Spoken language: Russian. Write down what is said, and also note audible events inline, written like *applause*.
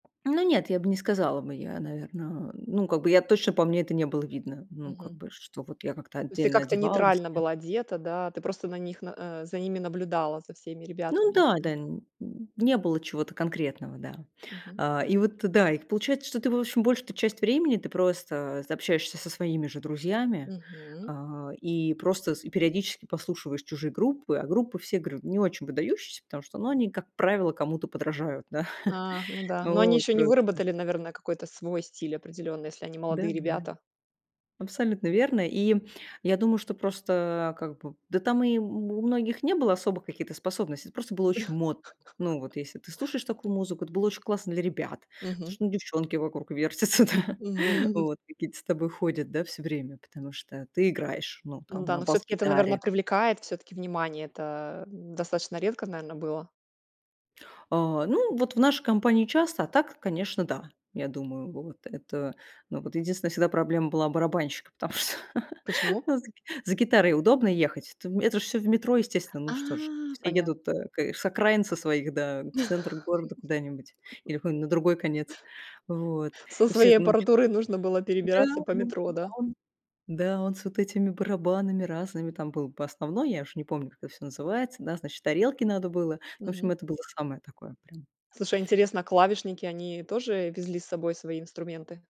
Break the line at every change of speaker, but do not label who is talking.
Ну нет, я бы не сказала бы, я, наверно. Ну, как бы я точно по мне это не было видно. Ну, как
Мгм.
бы, что вот я как-то
То есть ты
отдельно
как-то
одевалась,
нейтрально
не
была одета, да, ты просто на них на, э, за ними наблюдала, за всеми
Ну
ребятами
да,
этими?
да, не было чего-то конкретного, да,
Мгм.
а. И вот да, и получается, что ты, в общем, большую-то часть времени ты просто, э, общаешься со своими же друзьями,
Мгм.
э, и просто с и периодически послушиваешь чужие группы. А группы, все говорю, не очень выдающиеся, потому что, ну, они, как правило, кому-то подражают. Да,
А, ну да, но они
вот,
ещё не
просто.
выработали, наверное, какой-то свой стиль определённый, если они
Да
молодые
да.
ребята.
Абсолютно верно. И я думаю, что просто, как бы, да, там и у многих не было особо каких-то способностей, это просто было очень модно. Ну, вот если
*laughs*
ты слушаешь такую музыку, это было очень классно для ребят, потому
Мгм.
что, ну, девчонки вокруг вертятся, да,
Мгм.
вот какие-то с тобой ходят, да, всё время, потому что ты играешь, ну,
Ну
там
да,
на
но всё-таки это, наверное,
бас-гитаре.
привлекает всё-таки внимание. Это достаточно редко, наверное, было.
Э, ну вот в нашей компании часто, а так, конечно, да, я думаю. Вот это, ну вот, единственная всегда проблема была барабанщика, потому что,
Почему?
ну, за за гитарой удобно ехать, это в это ж все в метро, естественно.
А,
Ну что ж, все
поня
едут, э, к с окраин со своих, да, в центр города куда-нибудь
*laughs*
или на другой конец вот.
Со
И все,
своей
ну чё
аппаратурой нужно было
Да
перебираться по
да,
метро, да.
а он да, он с вот этими барабанами разными, там был бы основной, я уж не помню, как это всё называется. Да, значит, тарелки надо было. Ну, в общем,
Мгм.
это было самое такое прям.
Слушай, интересно, клавишники они тоже везли с собой свои инструменты?